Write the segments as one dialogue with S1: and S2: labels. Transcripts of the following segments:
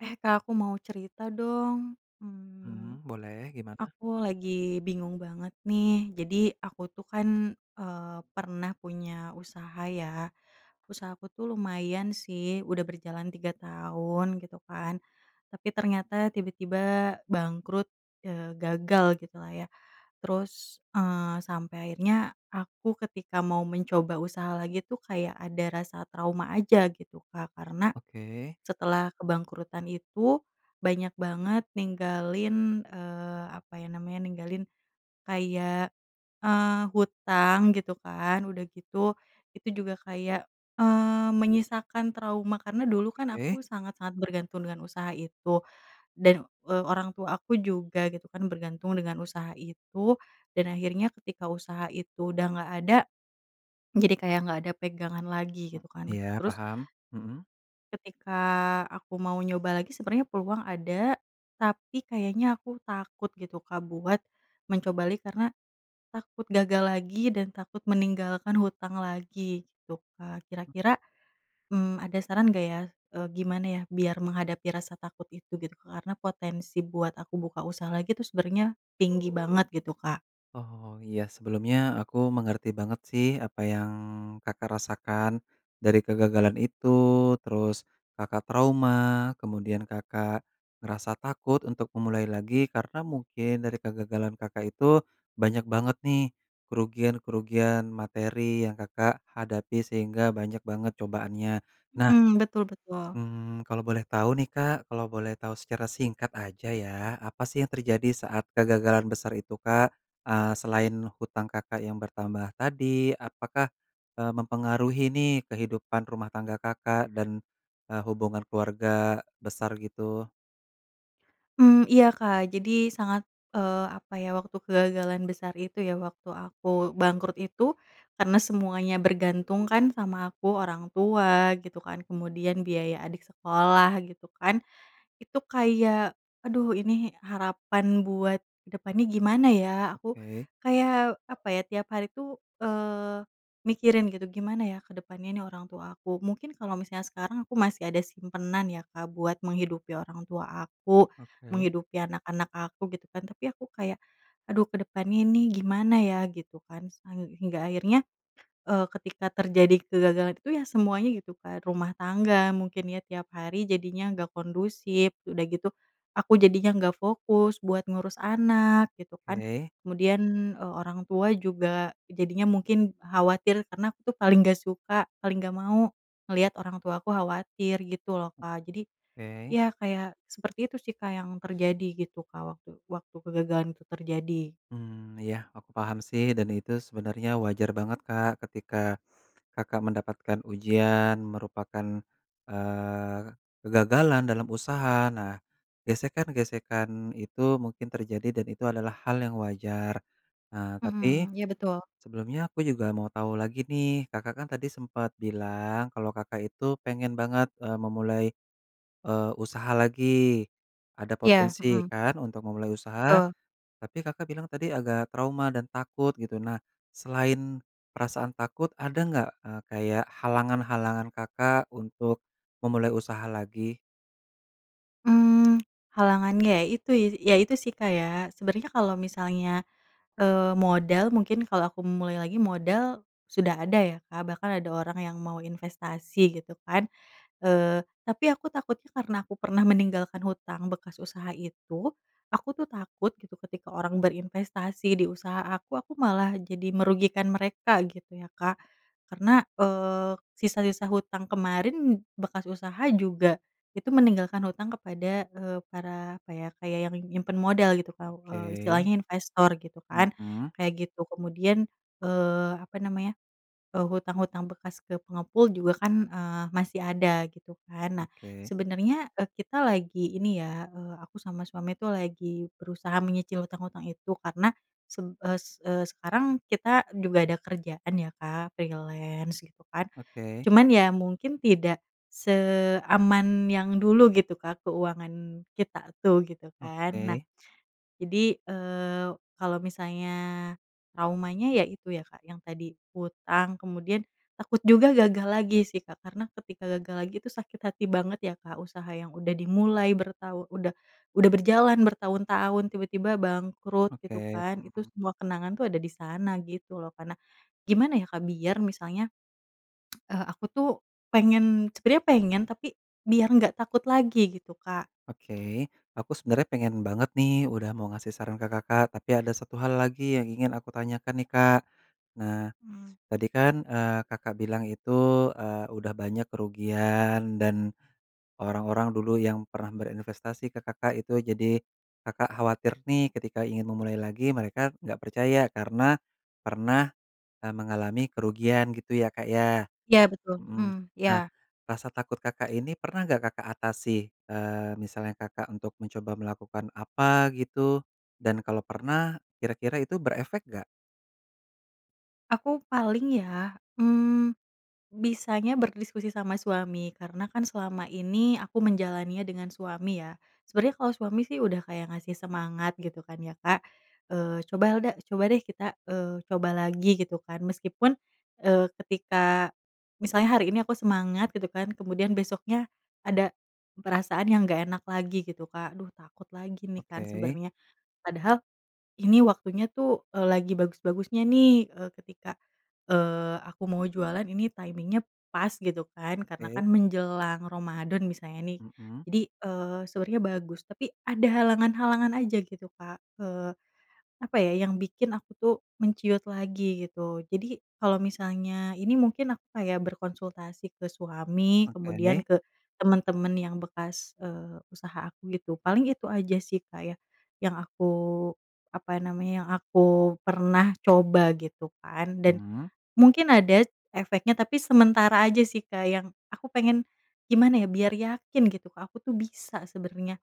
S1: Eh, Kak aku mau cerita dong, mmm,
S2: Mmm, boleh gimana?
S1: aku lagi bingung banget nih jadi aku tuh kan, eee, pernah punya usaha ya, usaha aku tuh lumayan sih udah berjalan 3 tahun gitu kan, tapi ternyata tiba-tiba bangkrut, eee, gagal gitulah ya terus, eee, sampai akhirnya aku ketika mau mencoba usaha lagi tuh kayak ada rasa trauma aja gitu Kak karena,
S2: Oke.
S1: setelah kebangkrutan itu banyak banget ninggalin, eee, apa ya namanya ninggalin, kayak, eee, hutang gitu kan udah gitu itu juga kayak, eee, menyisakan trauma karena dulu kan
S2: Oke.
S1: aku sangat-sangat bergantung dengan usaha itu dan, eee, orang tua aku juga gitu kan bergantung dengan usaha itu dan akhirnya ketika usaha itu udah nggak ada, jadi kayak nggak ada pegangan lagi gitu kan
S2: Iya
S1: terus
S2: paham, mhm.
S1: Ketika aku mau nyoba lagi sebenernya peluang ada tapi kayaknya aku takut gitu Kak buat mencoba lagi karena, takut gagal lagi dan takut meninggalkan hutang lagi gitu kan kira-kira, mmm, ada saran gak ya, eee, gimana ya biar menghadapi rasa takut itu gitu karena potensi buat aku buka usaha lagi tuh sebenernya tinggi banget gitu Kak.
S2: Oh iya sebelumnya aku mengerti banget sih apa yang Kakak rasakan dari kegagalan itu terus Kakak trauma kemudian Kakak ngerasa takut untuk memulai lagi karena mungkin dari kegagalan Kakak itu banyak banget nih kerugian-kerugian materi yang Kakak hadapi sehingga banyak banget cobaannya. Nah,
S1: Mhm, betul betul.
S2: mmm, kalau boleh tahu nih Kak kalau boleh tahu secara singkat aja ya apa sih yang terjadi saat kegagalan besar itu Kak, eee, selain hutang Kakak yang bertambah tadi apakah, eee, mempengaruhi nih kehidupan rumah tangga Kakak dan, eee, hubungan keluarga besar gitu?
S1: Mmm, iya Kak jadi sangat, eee, apa ya waktu kegagalan besar itu ya waktu aku bangkrut itu, karena semuanya bergantung kan sama aku orang tua gitu kan kemudian biaya adik sekolah gitu kan, itu kayak aduh ini harapan buat ke depannya gimana ya? Aku
S2: Oke.
S1: kayak apa ya tiap hari tuh, eee, mikirin gitu gimana ya ke depannya ini orang tua aku mungkin kalau misalnya sekarang aku masih ada simpanan ya Kak buat menghidupi orang tua aku,
S2: Oke.
S1: menghidupi anak-anak aku gitu kan tapi aku kayak aduh ke depan ini gimana ya? Gitu kan sehingga akhirnya, eee, ketika terjadi kegagalan itu ya semuanya gitu kan rumah tangga mungkin ya tiap hari jadinya gak kondusif udah gitu aku jadinya gak fokus buat ngurus anak gitu kan
S2: Oke.
S1: kemudian, eee, orang tua juga jadinya mungkin khawatir karena aku tuh paling gak suka paling gak mau ngeliat orang tuaku khawatir gitu loh Kak jadi,
S2: Oke.
S1: ya kayak seperti itu sih Kak yang terjadi gitu Kak waktu waktu kegagalan itu terjadi.
S2: Mmm, iya aku paham sih dan itu sebenarnya wajar banget Kak ketika Kakak mendapatkan ujian merupakan, eee, kegagalan dalam usaha nah gesekan-gesekan itu mungkin terjadi dan itu adalah hal yang wajar, ah, tapi,
S1: Mhm, iya betul.
S2: sebelumnya aku juga mau tahu lagi nih Kakak kan tadi sempat bilang kalau Kakak itu pengen, eee, banget memulai, eee, usaha lagi, ada
S1: Iya,
S2: potensi
S1: mhm.
S2: kan untuk memulai usaha,
S1: Betul.
S2: tapi Kakak bilang tadi agak trauma dan takut gitu nah, selain perasaan takut ada nggak, eee, kayak halangan-halangan Kakak untuk memulai usaha lagi?
S1: Mmm, halangannya ya itu ya itu sih Kak ya sebenernya kalau misalnya, eee, modal mungkin kalau aku memulai lagi modal sudah ada ya Kak bahkan ada orang yang mau investasi gitu kan, eee, tapi aku takutnya karena aku pernah meninggalkan hutang bekas usaha itu aku tuh takut gitu ketika orang berinvestasi di usaha aku aku malah jadi merugikan mereka gitu ya Kak, karena, eee, sisa-sisa hutang kemarin bekas usaha juga itu meninggalkan hutang kepada, eee, para apa ya kayak yang nyimpen modal gitu Kak
S2: Oke.
S1: istilahnya investor gitu kan
S2: Mhm.
S1: kayak gitu kemudian, eee, apa namanya, eee, hutang-hutang bekas ke pengepul juga kan, eee, masih ada gitu kan nah.
S2: Oke.
S1: Sebenernya, eee, kita lagi ini ya, eee, aku sama suami tuh lagi berusaha menyicil hutang-hutang itu karena sem es eee, sekarang kita juga ada kerjaan ya Kak freelance gitu kan,
S2: Oke.
S1: cuman ya mungkin tidak seaman yang dulu gitu Kak keuangan kita tuh gitu kan nah,
S2: Oke.
S1: jadi, eee, kalo misalnya traumanya ya itu ya Kak yang tadi hutang kemudian takut juga gagal lagi sih Kak karena ketika gagal lagi itu sakit hati banget ya Kak usaha yang udah dimulai bertahu udah udah berjalan bertahun-tahun tiba-tiba bangkrut gitu
S2: Oke,
S1: kan itu
S2: mhm.
S1: semua kenangan tuh ada di sana gitu loh karena, gimana ya Kak biar misalnya, eee, aku tuh pengen sebenernya pengen tapi biar gak takut lagi gitu Kak.
S2: Oke aku sebenarnya pengen banget nih udah mau ngasih saran ke Kakak tapi ada 1 hal lagi yang ingin aku tanyakan nih Kak, nah
S1: Mmm.
S2: tadi kan, eee, Kakak bilang itu, eee, udah banyak kerugian dan, orang-orang dulu yang pernah berinvestasi ke Kakak itu jadi Kakak khawatir nih ketika ingin memulai lagi mereka nggak percaya karena pernah, eee, mengalami kerugian gitu ya Kak ya
S1: Iya betul,
S2: mhm,
S1: mmm,
S2: nah
S1: iya.
S2: rasa takut Kakak ini pernah gak Kakak atasi, eee, misalnya Kakak untuk mencoba melakukan apa gitu dan kalau pernah kira-kira itu berefek gak?
S1: Aku paling ya, mmm, bisanya berdiskusi sama suami karena kan selama ini aku menjalaninya dengan suami ya. Sebenernya kalau suami sih udah kayak ngasih semangat gitu kan ya Kak, eee, "Coba Helda coba deh kita, eee, coba lagi," gitu kan meskipun, eee, ketika misalnya hari ini aku semangat gitu kan kemudian besoknya ada perasaan yang gak enak lagi gitu Kak aduh takut lagi nih kan
S2: Oke.
S1: sebenernya padahal ini waktunya tuh, eee, lagi bagus-bagusnya nih, eee, ketika, ee, aku mau jualan ini timing-nya pas gitu kan karena
S2: Oke.
S1: kan menjelang Ramadhan misalnya nih
S2: Mhm.
S1: jadi, eee, sebenarnya bagus tapi ada halangan-halangan aja gitu Kak, eee, apa ya yang bikin aku tuh menciut lagi gitu jadi kalau misalnya ini mungkin aku kayak berkonsultasi ke suami kemudian
S2: Oke.
S1: ke temen-temen yang bekas, eee, usaha aku gitu paling itu aja sih Kak ya yang aku apa namanya yang aku pernah coba gitu kan dan
S2: Mmm.
S1: mungkin ada efeknya, tapi sementara aja sih Kak yang aku pengen, gimana ya biar yakin gitu Kak aku tuh bisa sebenernya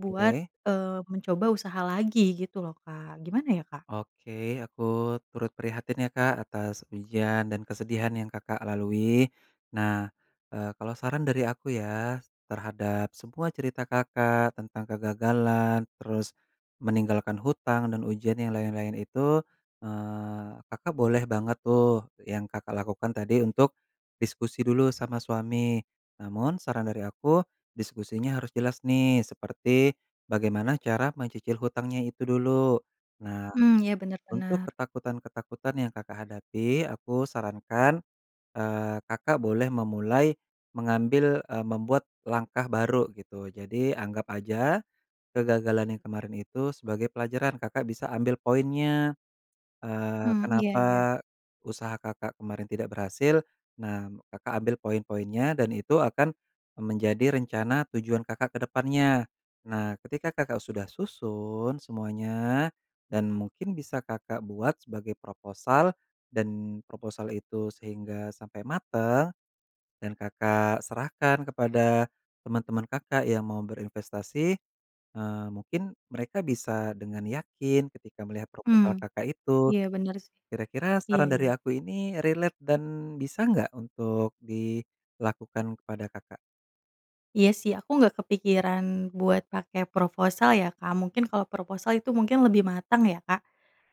S1: buat, eee, mencoba usaha lagi gitu loh Kak gimana ya Kak?
S2: Oke aku turut prihatin ya Kak atas ujian dan kesedihan yang Kakak lalui, nah eee, kalau saran dari aku ya terhadap semua cerita Kakak tentang kegagalan terus meninggalkan hutang dan ujian yang lain-lain itu, eee, Kakak boleh banget tuh yang Kakak lakukan tadi untuk diskusi dulu sama suami, namun saran dari aku diskusinya harus jelas nih seperti bagaimana cara mencicil hutangnya itu dulu, nah
S1: Mhm, iya benar
S2: untuk
S1: benar.
S2: ketakutan-ketakutan yang Kakak hadapi aku sarankan, eee, Kakak boleh memulai mengambil, eee, membuat langkah baru gitu jadi anggap aja kegagalan yang kemarin itu sebagai pelajaran Kakak bisa ambil poinnya, eee,
S1: Mhm, iya iya.
S2: kenapa usaha Kakak kemarin tidak berhasil nah Kakak ambil poin-poinnya dan itu akan, eee, menjadi rencana tujuan Kakak ke depannya. Nah ketika Kakak sudah susun semuanya dan mungkin bisa Kakak buat sebagai proposal dan proposal itu sehingga sampai mateng, dan Kakak serahkan kepada teman-teman Kakak yang mau berinvestasi, eee, mungkin mereka bisa dengan yakin ketika melihat
S1: Mhm,
S2: proposal Kakak itu,
S1: iya benar sih,
S2: kira-kira
S1: iya
S2: saran
S1: iya.
S2: dari aku ini relate dan bisa nggak untuk dilakukan kepada Kakak?
S1: Iya sih aku gak kepikiran buat pake proposal ya Kak mungkin kalau proposal itu mungkin lebih matang ya Kak,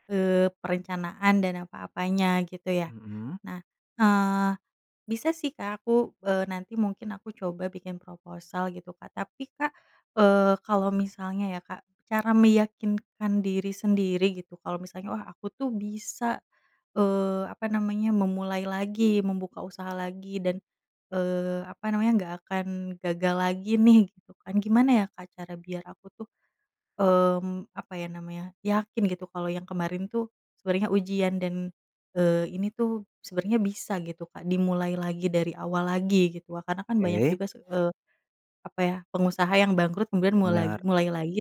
S1: eee, perencanaan dan apa-apanya gitu ya
S2: Mhm.
S1: nah, eee, bisa sih Kak aku, eee, nanti mungkin aku coba bikin proposal gitu Kak tapi Kak, eee, kalau misalnya ya Kak cara meyakinkan diri sendiri gitu kalau misalnya wah aku tuh bisa, eee, apa namanya memulai lagi membuka usaha lagi dan, eee, apa namanya nggak akan gagal lagi nih gitu kan gimana ya Kak cara biar aku tuh, mmm, apa ya namanya yakin gitu kalau yang kemarin tuh sebenernya ujian dan, eee, ini tuh sebenernya bisa gitu Kak dimulai lagi dari awal lagi gitu wa karena kan banyak
S2: Oke.
S1: juga se eee, apa ya pengusaha yang bangkrut kemudian
S2: Benar.
S1: mulai mulai lagi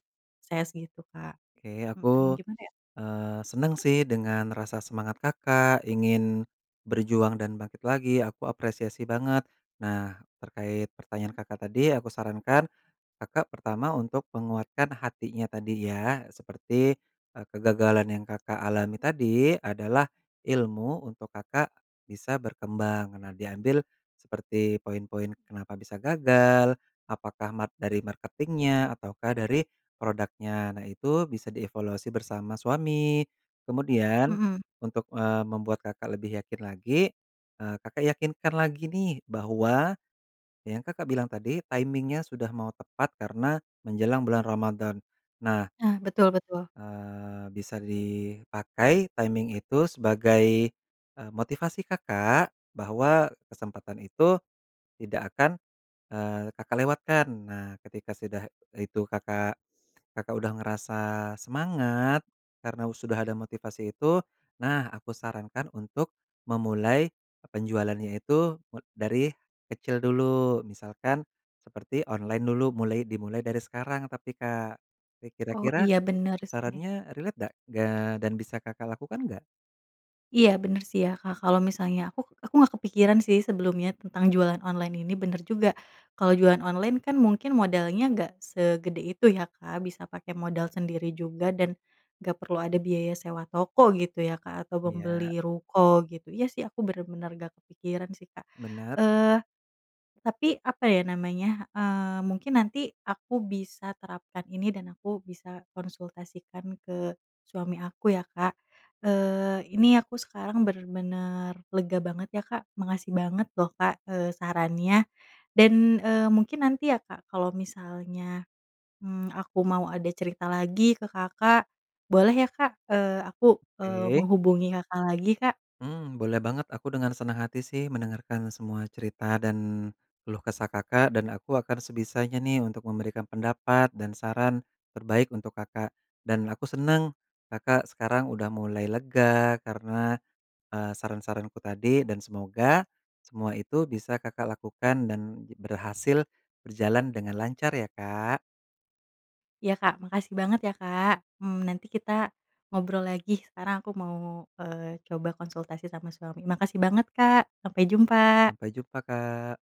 S1: saya segitu Kak,
S2: Oke aku,
S1: mhm, gimana ya?
S2: eee, senang sih dengan rasa semangat Kakak ingin berjuang dan bangkit lagi aku apresiasi banget, nah terkait pertanyaan Kakak tadi aku sarankan, Kakak pertama untuk menguatkan hatinya tadi ya seperti, eee, kegagalan yang Kakak alami tadi adalah ilmu untuk Kakak bisa berkembang nah diambil seperti poin-poin kenapa bisa gagal, apakah mat dari marketing-nya ataukah dari produknya nah itu bisa dievaluasi bersama suami, kemudian
S1: Mhm.
S2: untuk, eee, membuat Kakak lebih yakin lagi, eee, Kakak yakinkan lagi nih bahwa yang Kakak bilang tadi timing-nya sudah mau tepat karena menjelang bulan Ramadhan nah.
S1: Nah betul betul.
S2: Eee, bisa dipakai timing itu sebagai, eee, motivasi Kakak bahwa kesempatan itu tidak akan, eee, Kakak lewatkan nah ketika sudah itu Kakak Kakak udah ngerasa semangat karena u sudah ada motivasi itu, nah aku sarankan untuk memulai penjualannya itu me dari kecil dulu misalkan seperti online dulu mulai dimulai dari sekarang tapi Kak, rik
S1: Oh
S2: kira-kira
S1: iya benar sih.
S2: sarannya relate dak gak, dan bisa Kakak lakukan nggak?
S1: Iya bener sih ya Kak kalau misalnya aku aku gak kepikiran sih sebelumnya tentang jualan online ini bener juga kalau jualan online kan mungkin modalnya gak segede itu ya Kak bisa pakai modal sendiri juga dan gak perlu ada biaya sewa toko gitu ya Kak, atau
S2: Iya.
S1: membeli ruko gitu iya sih aku bener-bener gak kepikiran sih Kak,
S2: Bener.
S1: eee, tapi apa ya namanya, eee, mungkin nanti aku bisa terapkan ini dan aku bisa konsultasikan ke suami aku ya Kak, eee, ini aku sekarang bener-bener lega banget ya Kak makasih banget loh Kak, eee, sarannya dan, eee, mungkin nanti ya Kak kalau misalnya, mmm, aku mau ada cerita lagi ke Kakak boleh ya Kak? Eee, aku, eee,
S2: Oke.
S1: menghubungi Kakak lagi Kak.
S2: Mmm, boleh banget aku dengan senang hati sih mendengarkan semua cerita dan keluh kesah Kakak dan aku akan sebisanya nih untuk memberikan pendapat dan saran terbaik untuk Kakak dan aku seneng Kakak sekarang udah mulai lega karena, eee, saran-saranku tadi dan semoga semua itu bisa Kakak lakukan dan j berhasil, berjalan dengan lancar ya Kak.
S1: Iya Kak makasih banget ya Kak, mmm, nanti kita ngobrol lagi sekarang aku mau, eee, coba konsultasi sama suami makasih banget Kak sampai jumpa.
S2: Sampai jumpa Kak.